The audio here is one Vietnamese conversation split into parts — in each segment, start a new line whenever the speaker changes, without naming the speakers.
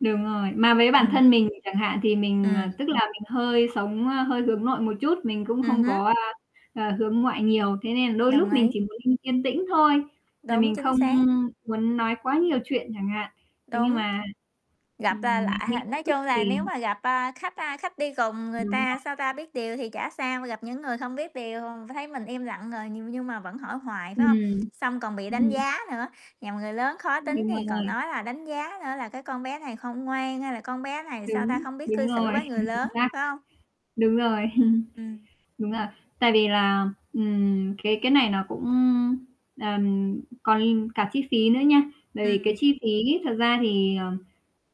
Đúng rồi, mà với bản
Ừm.
thân mình chẳng hạn thì mình, ờ,
Ừm.
tức là mình hơi sống ơ, hơi hướng nội một chút, mình cũng
Ừm
không
hứm.
có, a, a, hướng ngoại nhiều, thế nên là đôi lúc
Đồng
mình
ý.
chỉ muốn yên yên tĩnh thôi, là
Đúng,
mình
chính
không
xác.
muốn nói quá nhiều chuyện chẳng hạn. Thế nhưng
Đúng.
mà
Gặp l
ừm, mình
lại h
nghĩ tự
nói
túc
chung là
thì
nếu mà gặp, a, khách, a, khách đi cùng người
Đúng
ta,
rồi.
sao ta, biết điều thì chả sao, gặp những người không biết điều thấy mình im lặng rồi nh nhưng mà vẫn hỏi hoài, phải hông?
Ừm.
Xong còn bị đánh
Ừm.
giá nữa, nhằm người lớn khó tính
Đúng
thì còn
rồi.
nói là đánh giá nữa là "Cái con bé này không ngoan, hay là con bé này, sao ta,
Đúng,
không biết
đúng
cư xử
rồi,
với người
chính chính
lớn",
xác.
phải hông?
Đúng rồi.
Ừm.
Đúng rồi. Tại vì là, ừm, cái cái này nó cũng, ưm, ờm, còn cả chi phí nữa nha, bởi vì cái
Ừm.
chi phí thật ra thì ờ,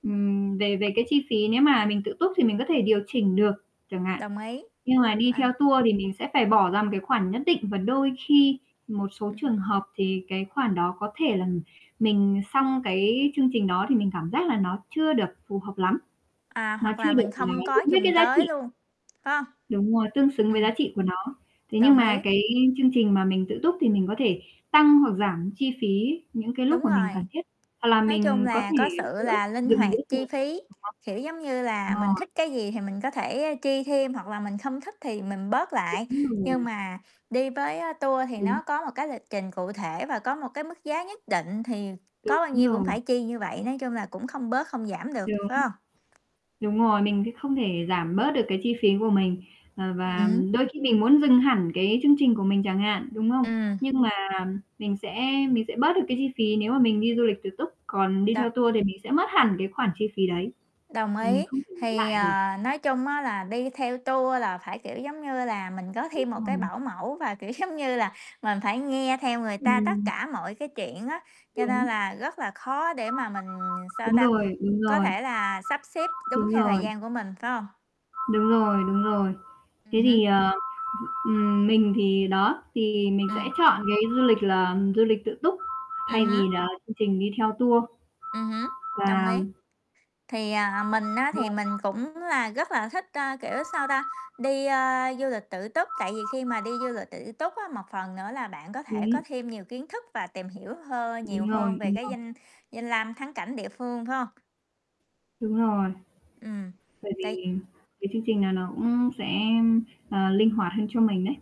ừm, về về cái chi phí nếu mà mình tự túc thì mình có thể điều chỉnh được chẳng hạn.
Đồng ý.
Nhưng mà đi
À.
theo tour thì mình sẽ phải bỏ ra một cái khoản nhất định và đôi khi một số trường
Ừm.
hợp thì cái khoản đó có thể là mình xong cái chương trình đó thì mình cảm giác là nó chưa được phù hợp lắm,
À,
nó
hoặc
chưa
là mình
được, ờ,
không có
đúng với
dùng
cái giá
tới
trị.
luôn, phải hông?
Đúng rồi, tương xứng với giá
Ừm.
trị của nó. Thế nhưng
Đồng
mà
ý.
cái chương trình mà mình tự túc thì mình có thể tăng hoặc giảm chi phí những cái lúc
Đúng
mà mình
rồi.
cần thiết, hoặc là
Nói chung
mình có
là
thể
có sự
giữa
là linh
dừng
hoạt
giữa
chi
[unintelligible]
phí, kiểu giống như là, mình
rồi.
thích cái gì thì mình có thể chi thêm, hoặc là mình không thích thì mình bớt lại,
Đúng rồi.
nhưng mà đi với, a, tour thì
Đúng.
nó có một cái lịch trình cụ thể và có một cái mức giá nhất định thì có
Đúng
bao nhiêu cũng
rồi.
phải chi như vậy, nói chung là cũng không bớt không giảm được,
Đúng.
phải hông?
Đúng rồi, mình thì không thể giảm bớt được cái chi phí của mình, ờ,
Ừm
và
hứm.
đôi khi mình muốn dừng hẳn cái chương trình của mình chẳng hạn, đúng không?
Ừm.
Nhưng mà mình sẽ mình sẽ bớt được cái chi phí nếu mà mình đi du lịch tự túc, còn đi theo
Đồng
tour thì mình sẽ mất hẳn cái khoản chi phí đấy
Đồng
và mình
ý.
không thể lấy
Thì,
lại được.
ờ, nói chung á là đi theo tour là phải, kiểu, giống như là, mình có
Đúng
thêm một
rồi.
cái bảo mẫu và kiểu, giống như là, mình phải nghe theo người ta tất
Ừm.
cả mọi cái chuyện á, cho nên
Đúng.
là rất là khó để mà mình, sao
Đúng
ta,
rồi, đúng
có
rồi.
thể là sắp xếp đúng
Đúng
theo thời
rồi.
gian của mình, phải hông?
Đúng rồi, đúng rồi.
Ừm
Thế
hứm.
thì, ờ, ừm, ừm, mình thì đó, thì mình sẽ
Ừm.
chọn cái du lịch là du lịch tự túc, thay
Ừm hứm.
vì là chương trình đi theo tour.
Ừm hứm. Đồng
Và
ý. Thì, à, mình á thì mình
[unintelligible]
cũng là rất là thích, ơ, kiểu, sao ta, đi, ơ, du lịch tự túc, tại vì khi mà đi du lịch tự túc á, một phần nữa là bạn có thể có
Đúng.
thêm nhiều kiến thức và tìm hiểu hơ nhiều
Đúng
hơn
rồi,
về
đúng
cái
rồi.
danh danh lam thắng cảnh địa phương, phải hông?
Đúng rồi.
Ừm.
Bởi
Tại
vì cái chương trình nà nó cũng sẽ, ờ, linh hoạt hơn cho mình đấy.